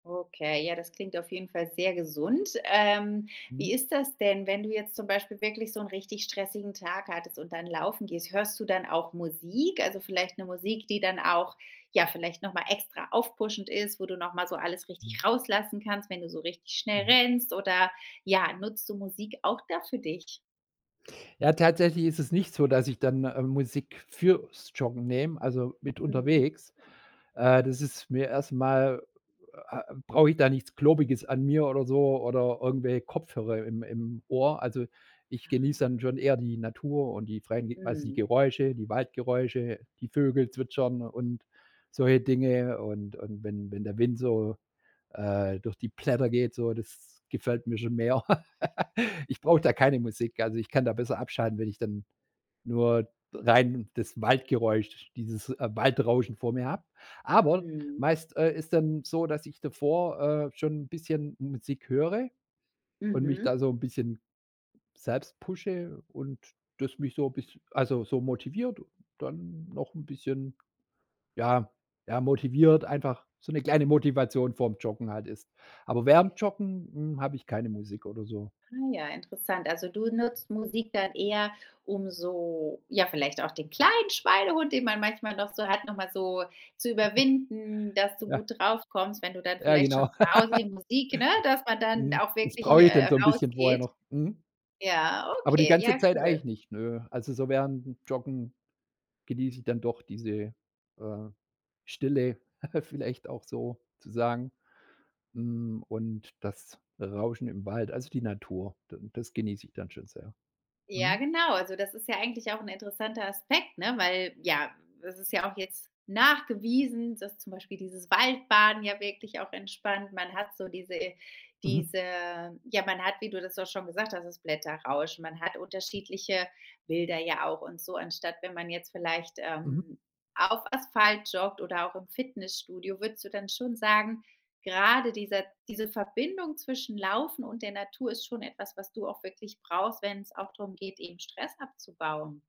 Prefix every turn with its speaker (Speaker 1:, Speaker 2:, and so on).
Speaker 1: Okay, ja, das klingt auf jeden Fall sehr gesund. Ähm,
Speaker 2: Mhm.
Speaker 1: wie ist das denn, wenn du jetzt zum Beispiel wirklich so 'n richtig stressigen Tag hattest und dann laufen gehst? Hörst du dann auch Musik? Also vielleicht 'ne Musik, die dann auch, ja, vielleicht noch mal extra aufpushend ist, wo du noch mal so alles
Speaker 2: Mhm.
Speaker 1: richtig rauslassen kannst, wenn du so richtig schnell
Speaker 2: Mhm.
Speaker 1: rennst oder, ja, nutzt du Musik auch da für dich?
Speaker 2: Ja, tatsächlich ist es nicht so, dass ich dann, ähm, Musik fürs Joggen nehme, also mit
Speaker 1: Mhm.
Speaker 2: unterwegs. Äh, das ist mir erst mal äh, brauche ich da nichts Globiges an mir oder so oder irgendwelche Kopfhörer im im Ohr. Also, ich genieße
Speaker 1: Ah.
Speaker 2: dann schon eher die Natur und die freien quasi
Speaker 1: Mhm.
Speaker 2: Geräusche, die Waldgeräusche, die Vögel zwitschern und solche Dinge. Und und wenn wenn der Wind so, äh, durch die Blätter geht, so, das gefällt mir schon mehr. Ich brauche da keine Musik. Also ich kann da besser abschalten, wenn ich dann nur d rein das Waldgeräusch, dieses, äh, Waldrauschen vor mir hab. Aber,
Speaker 1: Mhm.
Speaker 2: meist, äh, ist dann so, dass ich davor, äh, schon 'n bisschen Musik höre und mich
Speaker 1: Mhm.
Speaker 2: da so 'n bisschen selbst pushe und das mich so biss also so motiviert, dann noch 'n bisschen, ja, ja, motiviert einfach so 'ne kleine Motivation vorm Joggen halt ist. Aber während 'm Joggen, hm, hab ich keine Musik oder so.
Speaker 1: Ah ja, interessant, also du nutzt Musik dann eher, um so ja, vielleicht auch den kleinen Schweinehund, den man manchmal noch so hat, noch mal so zu überwinden, dass du
Speaker 2: Ja.
Speaker 1: gut drauf kommst, wenn du dann
Speaker 2: Ja,
Speaker 1: vielleicht
Speaker 2: genau.
Speaker 1: schon zu Hause die Musik, ne, dass man dann
Speaker 2: Mhm.
Speaker 1: auch
Speaker 2: Das
Speaker 1: wirklich,
Speaker 2: brauch ich dann
Speaker 1: äh,
Speaker 2: so 'n bisschen vorher
Speaker 1: rausgeht.
Speaker 2: noch. Mhm.
Speaker 1: Ja,
Speaker 2: Aber die
Speaker 1: okay, ja
Speaker 2: ganze Zeit eigentlich
Speaker 1: cool.
Speaker 2: nicht, ne. Also so während dem Joggen genieß ich dann doch diese, äh, Stille vielleicht auch so zu sagen. Hm, und das Rauschen im Wald, also die Natur, dann das genieß ich dann schon sehr.
Speaker 1: Ja
Speaker 2: Mhm.
Speaker 1: genau, also das ist ja eigentlich auch 'n interessanter Aspekt, ne? Weil ja, es ist ja auch jetzt nachgewiesen, dass zum Beispiel dieses Waldbaden ja wirklich auch entspannt. Man hat so diese
Speaker 2: Mhm.
Speaker 1: diese ja man hat, wie du das auch schon gesagt hast, das Blätterrauschen. Man hat unterschiedliche Bilder ja auch und so anstatt wenn man jetzt vielleicht,
Speaker 2: Mhm.
Speaker 1: ähm, auf Asphalt joggt oder auch im Fitnessstudio. Würdest du dann schon sagen, gerade dieser diese Verbindung zwischen Laufen und der Natur ist schon etwas, was du auch wirklich brauchst, wenn's auch darum geht, eben Stress abzubauen?